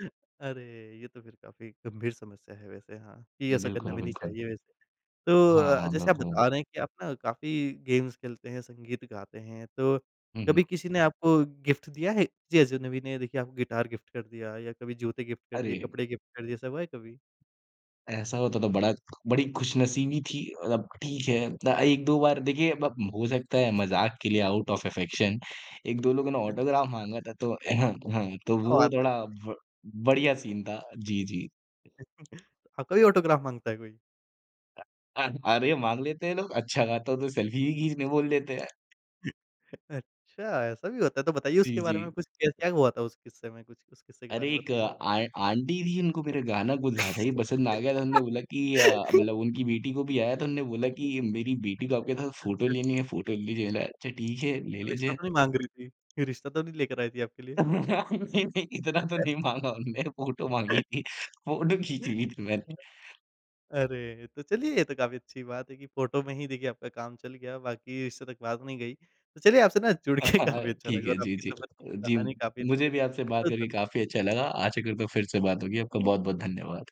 अरे! ये तो फिर काफ़ी गंभीर समस्या है वैसे हाँ, कि ऐसा करना बिल्कुल, भी नहीं बिल्कुल। चाहिए वैसे। हाँ, तो हाँ, जैसे आप बिल्कुल। बता रहे हैं कि आप ना काफ़ी गेम्स खेलते हैं, संगीत गाते हैं तो हुँ, हुँ। कभी किसी ने आपको गिफ्ट दिया है? किसी अजनबी ने देखिए आपको गिटार गिफ्ट कर दिया या कभी जूते गिफ्ट दिए, अरे! कपड़े गिफ्ट कर दिए। ऐसा हुआ है कभी? ऐसा होता तो बड़ा बड़ी खुशनसीबी थी, मतलब ठीक है। उतना एक दो बार देखिए अब हो सकता है मज़ाक के लिए आउट ऑफ अफेक्शन 1 2 लोगों ने ऑटोग्राफ़ अच्छा। माँगा था। तो तो क्या वो बात है! थोड़ा ब बढ़िया सीन था। जी, जी। आपका भी ऑटोग्राफ़ माँगता है कोई? अ अ, अरे माँग लेते हैं लोग। अच्छा गाता हूँ तो सेल्फ़ी भी खींचने बोल देते हैं। अच्छा ऐसा भी होता है। तो बताइए जी, उसके बारे में जी। कुछ। क क्या हुआ था उस किस्से में? कुछ उस किस्से के अरे बारे में एक बताइए थोड़ा? आ आंटी थीं उनको मेरा गाना कुछ ज़्यादा ही पसंद आ गया था। उन्होंने बोला कि अ, मतलब उनकी बेटी को भी आया तो उन्होंने बोला कि मेरी बेटी को आपके साथ फोटो अच्छा। लेनी है, फोटो लीजिए ना। अच्छा ठीक है, ले रिश्ता लीजिए। तो नहीं माँग रही थीं? रिश्ता तो नहीं लेकर आई थीं आपके लिए? नहीं नहीं, इतना तो नहीं माँगा उन्होंने। फोटो माँगी थी फोटो खींची थी मैंने। अरे! तो चलिए ये तो काफ़ी अच्छी बात है कि फोटो में ही देखिए आपका काम चल गया। बाकी रिश्ते तक बात नहीं गई। तो चलिए आपसे ना हाँ, जुड़के हाँ, काफ़ी अच्छा ठीक लगा है, और जी, आपकी जी। सफ़र की जी, कहानी काफ़ी अच्छी मुझे थी। भी आपसे बात बहुत करके धन्यवाद। काफ़ी अच्छा लगा। आशा करता हूँ फिर से बात होगी। आपका बहुत-बहुत धन्यवाद।